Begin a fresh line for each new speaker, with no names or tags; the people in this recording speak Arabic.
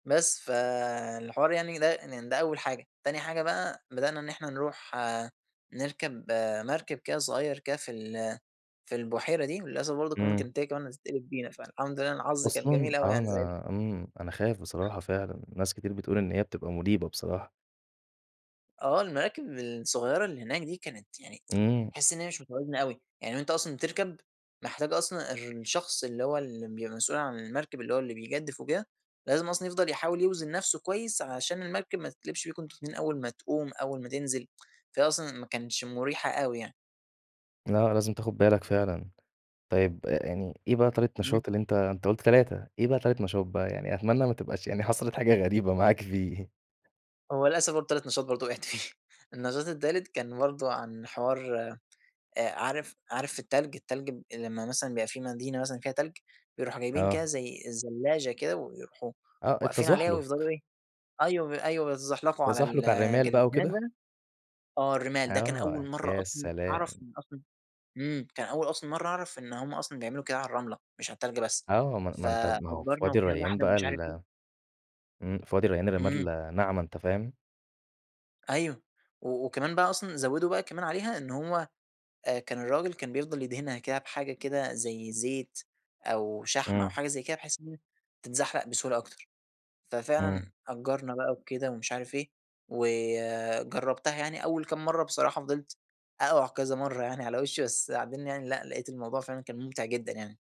بس فالحوار يعني يضايق إن ده أول حاجة. تاني حاجة بقى، بدأنا إن إحنا نروح نركب مركب كده صغير كده في ال في البحيرة دي، وللأسف برضو كمان
امم.
كانت هي كمان هتتقلب بينا، فالحمد لله أنا حظي كان
أصلًا
جميل أوي
آه
يعني ساعتها.
أنا امم، أنا خايف بصراحة فعلًا، ناس كتير بتقول إن هي بتبقى مريبة بصراحة.
آه، المراكب الصغيرة اللي هناك دي كانت يعني
امم.
تحس إن هي مش متوازنة أوي، يعني وأنتَ أصلًا بتركب محتاج أصلًا الر الشخص اللي هو ال بيبقى مسؤول عن المركب اللي هو بيجدِّف وكده، لازم أصلًا يفضل يحاول يوزن نفسه كويس، علشان المركب ما تتقلبش بيكم أنتم الاتنين أول ما تقوم أول ما تنزل فهي أصلًا ما كانتش مريحة أوي يعني.
لأ، لازم تاخد بالك فعلًا، طيب يعني إيه بقى تالت
امم.
نشاط اللي أنتَ أنتَ قُلت 3، إيه بقى تالت نشاط بقى؟ يعني أتمنى ما تبقاش يعني حصلت حاجة غريبة معاك فيه
هو للأسف برضو تالت نشاط برضو وقعت فيه النشاط التالت كان برضو عن حوار آآ عارف عارف التلج التلج ب لما مثلًا بيبقى في مدينة مثلًا فيها تلج، بيروحوا جايبين كده
آه.
زي الزلاچة كده، ويروحوا
آه
واقفين عليها ويفضلوا
التزحلق.
إيه، أيوه ب أيوه بيتزحلقوا على
التزحلق على الرمال بقى
الجليد،
وكده؟
[unintelligible] آه الرمال ده كان أول
آه
مرّة
يا
أصلًا أعرف
سلام!
إن أصلًا امم، كان أول أصلًا مرّة أعرف إن هم أصلًا بيعملوا كده على الرملة مش على التلج بس.
آه، ما أن ما أنتَ ما هو في
فأجرنا
وادي
وكده
الريان
واحدة
بقى
ومش عارف إيه
ال امم، في وادي الريان
امم.
الرمال ناعمة أنتَ فاهم؟
أيوه، و وكمان بقى أصلًا زودوا بقى كمان عليها، إن هو آآ كان الراجل كان بيفضل يدهنها كده بحاجة كده زي زيت أو شحم، أو
امم.
حاجة زي كده بحيث إن هي تتزحلق بسهولة أكتر،
امم.
ففعلًا أجرنا بقى وكده ومش عارف إيه، وجربتها يعني أول كام مرّة بصراحة فضلت أقع كذا مرّة يعني على وشي بس بعدين يعني لأ، لاقيت الموضوع فعلًا كان ممتع جدًا يعني.